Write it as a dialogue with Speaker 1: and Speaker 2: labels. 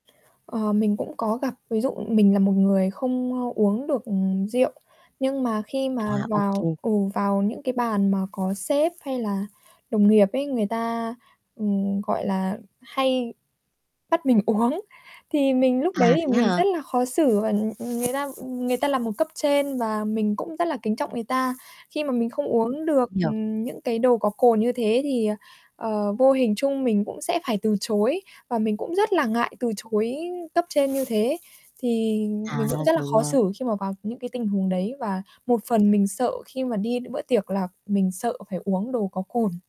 Speaker 1: Ờ, mình cũng có gặp, ví dụ mình là một người không, ơ, uống được, ừm, rượu. Nhưng mà khi
Speaker 2: À,
Speaker 1: mà
Speaker 2: ô kê.
Speaker 1: vào ừ, vào những cái bàn mà có sếp hay là đồng nghiệp ấy, người ta, ừm, gọi là, hay bắt mình uống. Thì mình lúc đấy
Speaker 2: À,
Speaker 1: thì
Speaker 2: thế
Speaker 1: mình
Speaker 2: hả?
Speaker 1: rất là khó xử và nh người ta người ta là một cấp trên và mình cũng rất là kính trọng người ta, khi mà mình không uống được,
Speaker 2: Nhiều.
Speaker 1: ừm, những cái đồ có cồn như thế thì, ờ, ờ, vô hình trung mình cũng sẽ phải từ chối và mình cũng rất là ngại từ chối cấp trên như thế. Thì
Speaker 2: À,
Speaker 1: mình cũng rất là
Speaker 2: rồi
Speaker 1: khó
Speaker 2: nha.
Speaker 1: xử khi mà vào những cái tình huống đấy và một phần mình sợ khi mà đi đ bữa tiệc là mình sợ phải uống đồ có cồn.